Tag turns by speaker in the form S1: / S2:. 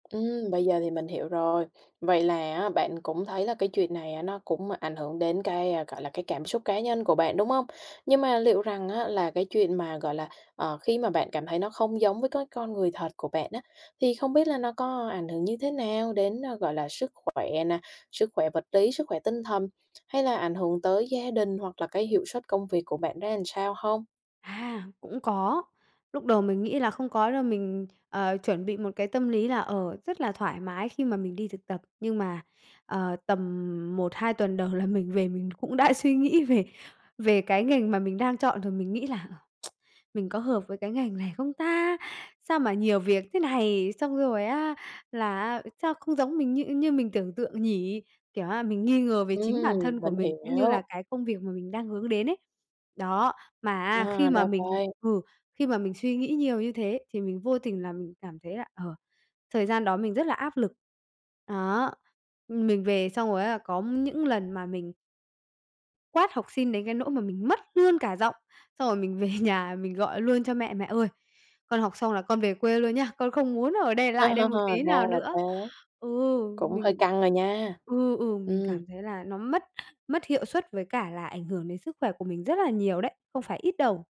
S1: Ừm, bây giờ thì mình hiểu rồi. Vậy là á, bạn cũng thấy là cái chuyện này á, nó cũng ảnh hưởng đến cái, a, gọi là cái cảm xúc cá nhân của bạn, đúng hông? Nhưng mà liệu rằng á, là cái chuyện mà, gọi là, ờ, khi mà bạn cảm thấy nó không giống với cái con người thật của bạn á, thì không biết là nó có ảnh hưởng như thế nào đến, ờ, gọi là sức khỏe nè, sức khỏe vật lý, sức khỏe tinh thần, hay là ảnh hưởng tới gia đình hoặc là cái hiệu suất công việc của bạn ra làm sao hông?
S2: À, cũng có. Lúc đầu mình nghĩ là không có đâu, mình, à, chuẩn bị một cái tâm lý là, ờ, rất là thoải mái khi mà mình đi thực tập, nhưng mà, ờ, tầm 1-2 tuần đầu là mình về mình cũng đã suy nghĩ về về cái ngành mà mình đang chọn rồi. Mình nghĩ là, ờ, "Mình có hợp với cái ngành này không ta? Sao mà nhiều việc thế này." Xong rồi á, là á, "sao không giống mình như như mình tưởng tượng nhỉ?" Kiểu á, mình nghi ngờ về chính bản
S1: Ừm.
S2: thân của
S1: Mình
S2: mình cũng như
S1: hiểu.
S2: là cái công việc mà mình đang hướng đến ấy, đó. Mà á, khi
S1: À, ra
S2: mà mình
S1: vậy.
S2: ừ, khi mà mình suy nghĩ nhiều như thế thì mình vô tình là mình cảm thấy là, ờ, thời gian đó mình rất là áp lực, đó, mình về xong rồi á, là có những lần mà mình quát học sinh đến cái nỗi mà mình mất luôn cả giọng, xong rồi mình về nhà mình gọi luôn cho mẹ: "Mẹ ơi, con học xong là con về quê luôn nhá, con không muốn ở đây
S1: À,
S2: lại đây một tí
S1: ra
S2: nào
S1: là
S2: nữa."
S1: thế.
S2: Ừ,
S1: Cũng hơi
S2: mình
S1: căng rồi nha.
S2: ừ, ừ, mình
S1: Ừm.
S2: cảm thấy là nó mất mất hiệu suất với cả là ảnh hưởng đến sức khỏe của mình rất là nhiều đấy, không phải ít đâu.